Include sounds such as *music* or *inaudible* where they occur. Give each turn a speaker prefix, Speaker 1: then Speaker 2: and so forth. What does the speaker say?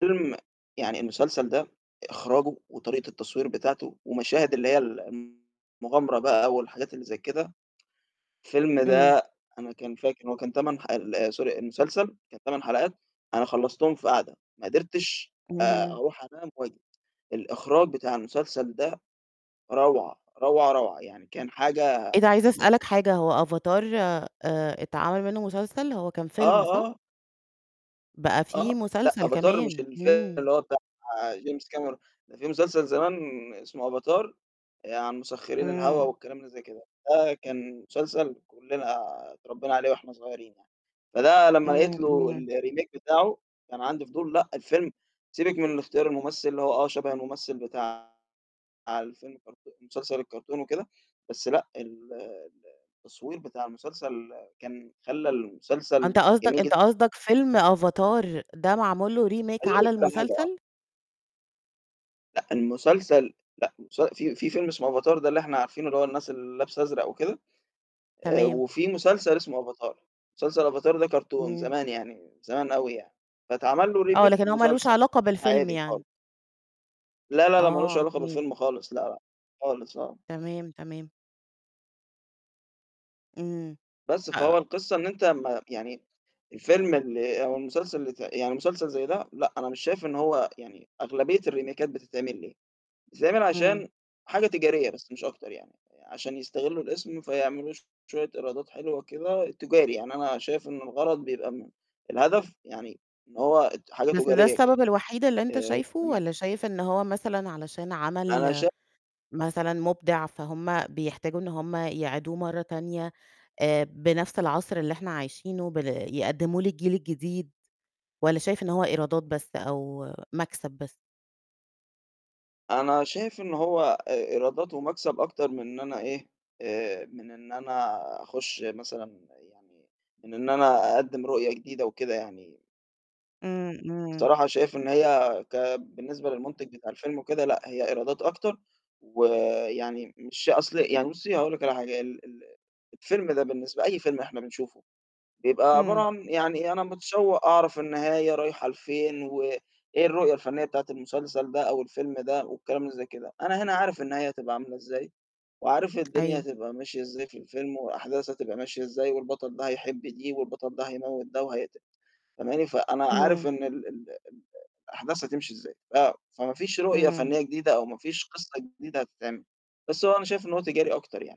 Speaker 1: فيلم يعني المسلسل ده إخراجه وطريقة التصوير بتاعته ومشاهد اللي هي ال المغامرة بقى والحاجات اللي زي كده، فيلم
Speaker 2: إمم.
Speaker 1: ده أنا كان فاكر إن هو كان 8 حل آآ سوري، المسلسل كان 8 حلقات أنا خلّصتهم في قاعدة، ما قدرتش آآ
Speaker 2: اهم.
Speaker 1: أروح أنام *unintelligible* الإخراج بتاع المسلسل ده روعة، روعة، روعة، يعني كان حاجة
Speaker 2: إيه ده عايزة أسألك
Speaker 1: *unintelligible*
Speaker 2: حاجة، هو أفاتار آآ اتعمل منّه مسلسل، هو كان
Speaker 1: آه،
Speaker 2: فيلم صح؟
Speaker 1: آه.
Speaker 2: بقى في
Speaker 1: آه، لأ،
Speaker 2: مسلسل
Speaker 1: أفاتار مش
Speaker 2: كمان،
Speaker 1: الفيلم
Speaker 2: إمم.
Speaker 1: اللي هو بتاع جيمس كاميرون، في مسلسل زمان اسمه أفاتار عن مسخّرين الهَوا
Speaker 2: إمم.
Speaker 1: والكلام اللي زي كده. ده كان مسلسل كُلّنا اتربّينا عليه وإحنا صغيرين يعني، فده لمّا لقيت
Speaker 2: إمم،
Speaker 1: له
Speaker 2: إمم.
Speaker 1: الremake بتاعه كان عندي فضول. لأ، الفيلم سيبِك من الاختيار الممثل اللي هو آه شَبه الممثل بتاع الفيلم الكرتون المسلسل الكرتون وكده، بس لأ، ال ال التصوير بتاع المسلسل كان خلّى
Speaker 2: آه، أنت
Speaker 1: المسلسل
Speaker 2: قصدك
Speaker 1: جميل
Speaker 2: أنت
Speaker 1: جد
Speaker 2: قصدك فيلم أفاتار ده معمول له remake
Speaker 1: عايز أقول
Speaker 2: على
Speaker 1: لِك على حاجة آه.
Speaker 2: المسلسل؟
Speaker 1: لأ، المسلسل لأ، المس في في فيلم اسمه أفاتار ده اللي إحنا عارفينه اللي هو الناس اللي لابسة أزرق وكده، آآ
Speaker 2: تمام.
Speaker 1: وفي مسلسل اسمه أفاتار، مسلسل أفاتار ده كرتون
Speaker 2: إمم.
Speaker 1: زمان يعني، زمان أوي يعني. فاتعمل له
Speaker 2: آه،
Speaker 1: remake
Speaker 2: لكن هو مالوش
Speaker 1: مسلسل،
Speaker 2: علاقة بالفيلم
Speaker 1: عادي خالص.
Speaker 2: يعني.
Speaker 1: لا، لا، لأ، مالوش
Speaker 2: آه،
Speaker 1: علاقة
Speaker 2: تمام.
Speaker 1: بالفيلم خالص لأ، لأ، خالص آه.
Speaker 2: تمام، تمام. إمم.
Speaker 1: بس،
Speaker 2: آآ
Speaker 1: فهو القصة إن أنت أمّا يعني الفيلم اللي أو المسلسل ت يعني مسلسل زي ده، لأ، أنا مش شايف إن هو يعني أغلبية الريميكات بتتعمل ليه؟ بتتعمل
Speaker 2: إمم.
Speaker 1: عشان حاجة تجارية بس مش أكتر يعني، عشان يستغلّوا الاسم فيعملوا شوية إيرادات حلوة كده تجاري، يعني أنا شايف إن الغرض بيبقى م الهدف يعني إن هو اد حاجة
Speaker 2: بس ده
Speaker 1: تجارية كده،
Speaker 2: السبب الوحيد اللي أنت
Speaker 1: آآ
Speaker 2: شايفه
Speaker 1: فتمام.
Speaker 2: والّا شايف إن هو مثلًا علشان
Speaker 1: أنا
Speaker 2: عمل
Speaker 1: شا
Speaker 2: مثلًا مبدع، فهما بيحتاجوا إن هم يعيدوه مرّة تانية آآ بنَفْس العصر اللي إحنا عايشينه بل يقدّمه للجيل الجديد والّا شايف إن هو إيرادات بس أو مَكسب بس؟
Speaker 1: أنا شايف إن هو آآ إيراداته ومكسب أكتر من إن أنا إيه، آآ من إن أنا أخُش مثلًا يعني من إن أنا أقدّم رؤية جديدة وكده يعني.
Speaker 2: إمم، إمم.
Speaker 1: الصراحة شايف إن هي كبالنسبة للمُنتِج بتاع الفيلم وكده لأ، هي إيرادات أكتر ويعني مش أصل يعني بُصّي هاقول لِك على حاجة، ال ال الفيلم ده بالنسبة لأي فيلم إحنا بنشوفه بيبقى عبارة
Speaker 2: إمم.
Speaker 1: عن يعني أنا متشوّق أعرف النهاية رايحة لفين و إيه الرؤية الفنيّة بتاعة المسلسل ده أو الفيلم ده والكلام زي كده. أنا هنا عارف النهاية هتبقى عاملة إزاي وعارف الدنيا
Speaker 2: أيوه.
Speaker 1: هتبقى ماشية إزاي في الفيلم وأحداث هتبقى ماشية إزاي والبطل ده هيحب دي والبطل ده هيموِّت ده وهيقت فهماني؟ فأنا عارف
Speaker 2: اهم.
Speaker 1: إن ال ال ال الأحداث هتمشي إزاي، ف فما فيش رؤية
Speaker 2: إمم.
Speaker 1: فنيّة جديدة أو ما فيش قِصّة جديدة هتتعمل، بس هو أنا شايف إنه هو تجاري أكتر يعني.